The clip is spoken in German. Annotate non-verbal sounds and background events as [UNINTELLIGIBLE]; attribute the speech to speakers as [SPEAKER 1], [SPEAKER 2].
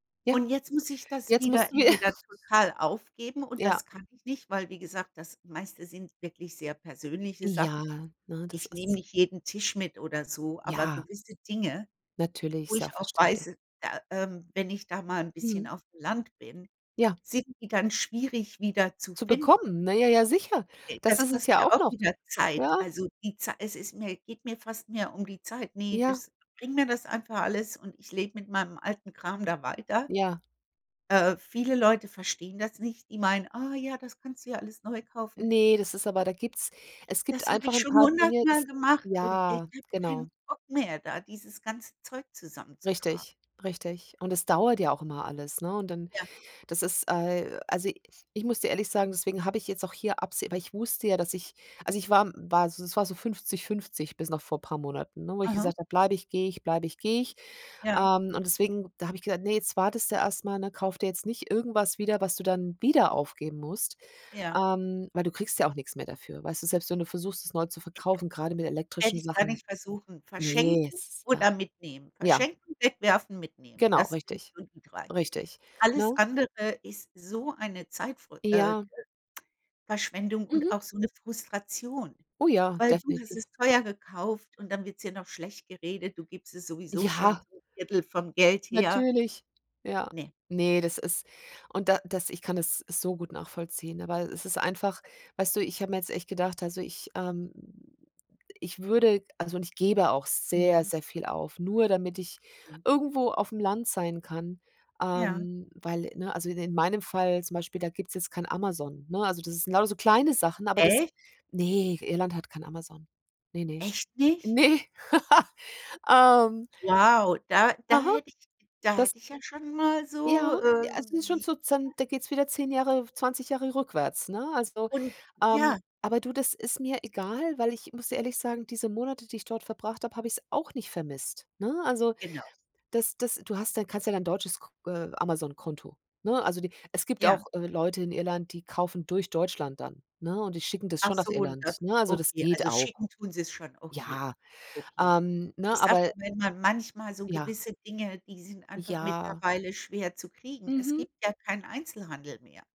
[SPEAKER 1] Ja,
[SPEAKER 2] Und jetzt muss ich das
[SPEAKER 1] jetzt
[SPEAKER 2] wieder
[SPEAKER 1] mussten wir
[SPEAKER 2] entweder
[SPEAKER 1] [SNORTS]
[SPEAKER 2] total aufgeben und
[SPEAKER 1] Ja.
[SPEAKER 2] das kann ich nicht, weil wie gesagt, das meiste sind wirklich sehr persönliche Sachen.
[SPEAKER 1] Ja, ne, das
[SPEAKER 2] Ich nehme
[SPEAKER 1] ist
[SPEAKER 2] nicht jeden Tisch mit oder so, aber
[SPEAKER 1] Ja.
[SPEAKER 2] gewisse Dinge,
[SPEAKER 1] Natürlich,
[SPEAKER 2] wo
[SPEAKER 1] ist ja auch
[SPEAKER 2] ich auch
[SPEAKER 1] verständlich.
[SPEAKER 2] weiß, da, ähm wenn ich da mal 'n bisschen
[SPEAKER 1] Mhm.
[SPEAKER 2] auf'm Land bin,
[SPEAKER 1] Ja.
[SPEAKER 2] sind die dann schwierig wieder zu
[SPEAKER 1] Zu
[SPEAKER 2] finden.
[SPEAKER 1] bekommen, na ja ja, sicher.
[SPEAKER 2] De
[SPEAKER 1] Das
[SPEAKER 2] das
[SPEAKER 1] ist es
[SPEAKER 2] kostet
[SPEAKER 1] ja
[SPEAKER 2] ja
[SPEAKER 1] auch
[SPEAKER 2] auch
[SPEAKER 1] noch.
[SPEAKER 2] wieder Zeit.
[SPEAKER 1] Ja.
[SPEAKER 2] Also, die Zei es ist mir geht mir fast mehr um die Zeit. Ne,
[SPEAKER 1] Ja.
[SPEAKER 2] das bring mir das einfach alles und ich lebe mit meinem alten Kram da weiter.
[SPEAKER 1] Ja.
[SPEAKER 2] Äh, viele Leute verstehen das nicht. Die meinen: „Oh ja, das kannst du ja alles neu kaufen.“
[SPEAKER 1] Ne, das ist aber da gibt's es gibt
[SPEAKER 2] Das habe
[SPEAKER 1] einfach
[SPEAKER 2] ich
[SPEAKER 1] 'n
[SPEAKER 2] schon
[SPEAKER 1] paar Dinge, das
[SPEAKER 2] hundertmal gemacht und ich
[SPEAKER 1] ja,
[SPEAKER 2] habe
[SPEAKER 1] genau.
[SPEAKER 2] keinen Bock mehr, da dieses ganze Zeug zusammenzutragen.
[SPEAKER 1] Richtig, richtig, und es dauert ja auch immer alles, ne, und dann
[SPEAKER 2] Ja.
[SPEAKER 1] das ist, äh also, i ich muss dir ehrlich sagen, deswegen habe ich jetzt auch hier abseh weil ich wusste ja, dass ich also, ich war, hm war s es war so 50 50 bis noch vor paar Monaten, ne, wo ich
[SPEAKER 2] Aha.
[SPEAKER 1] gesagt habe: „Bleibe ich, gehe ich, bleibe ich, gehe ich.“
[SPEAKER 2] Ja.
[SPEAKER 1] Ähm, und deswegen da habe ich gesagt: „Ne, jetzt wartest du erst mal, ne, kauf dir jetzt nicht irgendwas wieder, was du dann wieder aufgeben musst,
[SPEAKER 2] Ja.
[SPEAKER 1] ähm, weil du kriegst ja auch nix mehr dafür.“ Weißt du, selbst wenn du versuchst, es neu zu verkaufen, grade mit
[SPEAKER 2] [UNINTELLIGIBLE] Täte
[SPEAKER 1] elektrischen
[SPEAKER 2] ich gar
[SPEAKER 1] Sachen.
[SPEAKER 2] nicht versuchen,
[SPEAKER 1] Ne, es
[SPEAKER 2] verschenken
[SPEAKER 1] ist ja.
[SPEAKER 2] oder mitnehmen.
[SPEAKER 1] Ja.
[SPEAKER 2] Verschenken, wegwerfen, mitnehmen,
[SPEAKER 1] Genau,
[SPEAKER 2] das sind
[SPEAKER 1] richtig.
[SPEAKER 2] so die 3.
[SPEAKER 1] Richtig,
[SPEAKER 2] Alles
[SPEAKER 1] ne?
[SPEAKER 2] andere ist so eine Zeitver äh,
[SPEAKER 1] Ja.
[SPEAKER 2] Verschwendung und
[SPEAKER 1] Mhm.
[SPEAKER 2] auch so 'ne Frustration.
[SPEAKER 1] Oh ja,
[SPEAKER 2] Weil du hast
[SPEAKER 1] definitiv.
[SPEAKER 2] es teuer gekauft und dann wird's dir noch schlecht geredet. Du gibst es sowieso schon
[SPEAKER 1] Ja.
[SPEAKER 2] so 'n 1/3 vom Geld her.
[SPEAKER 1] Natürlich. Ja.
[SPEAKER 2] Ne.
[SPEAKER 1] Ne, das ist und da das ich kann es so gut nachvollziehen, aber es ist einfach weißt du, ich habe mir jetzt echt gedacht also, ich, ähm ich würde, also, und ich gebe auch sehr,
[SPEAKER 2] Mhm.
[SPEAKER 1] sehr viel auf, nur damit ich
[SPEAKER 2] Mhm.
[SPEAKER 1] irgendwo auf'm Land sein kann.
[SPEAKER 2] Ja.
[SPEAKER 1] Ähm, weil, ne, also, de in meinem Fall zum Beispiel, da gibt's jetzt kein Amazon, ne? Also, das ist sind lauter so kleine Sachen, aber das
[SPEAKER 2] Echt?
[SPEAKER 1] ne, Irland hat kein Amazon. Ne, ne?
[SPEAKER 2] Echt nicht?
[SPEAKER 1] Ne. [LAUGHS] Ähm
[SPEAKER 2] Wow, da da
[SPEAKER 1] Aha.
[SPEAKER 2] hätte da
[SPEAKER 1] Das
[SPEAKER 2] hätte ich ja schon mal so,
[SPEAKER 1] Ja,
[SPEAKER 2] ähm,
[SPEAKER 1] also, es ist schon
[SPEAKER 2] die
[SPEAKER 1] sozusagen, da geht's wieder 10 Jahre, 20 Jahre rückwärts, ne? Also,
[SPEAKER 2] Und
[SPEAKER 1] ähm,
[SPEAKER 2] ja.
[SPEAKER 1] aber du, das ist mir egal, weil ich muss ehrlich sagen, diese Monate, die ich dort verbracht habe, habe ich's auch nicht vermisst, ne? Also,
[SPEAKER 2] Genau.
[SPEAKER 1] das das du hast dann kannst ja dein deutsches K äh, Amazon Konto, ne? Also, die es gibt auch,
[SPEAKER 2] Ja.
[SPEAKER 1] äh, Leute in Irland, die kaufen durch Deutschland dann, ne, und die schicken das
[SPEAKER 2] Ach
[SPEAKER 1] schon nach
[SPEAKER 2] so, und
[SPEAKER 1] Irland,
[SPEAKER 2] das
[SPEAKER 1] ne? Also, das
[SPEAKER 2] okay.
[SPEAKER 1] geht
[SPEAKER 2] Also,
[SPEAKER 1] auch.
[SPEAKER 2] schicken tun sie's schon. Okay.
[SPEAKER 1] Ja,
[SPEAKER 2] Okay.
[SPEAKER 1] ähm, ne,
[SPEAKER 2] Ich sage
[SPEAKER 1] aber
[SPEAKER 2] nur, wenn man manchmal so
[SPEAKER 1] Ja.
[SPEAKER 2] gewisse Dinge, die sind einfach
[SPEAKER 1] Ja.
[SPEAKER 2] mittlerweile schwer zu kriegen. Es
[SPEAKER 1] Mhm.
[SPEAKER 2] gibt ja keinen Einzelhandel mehr.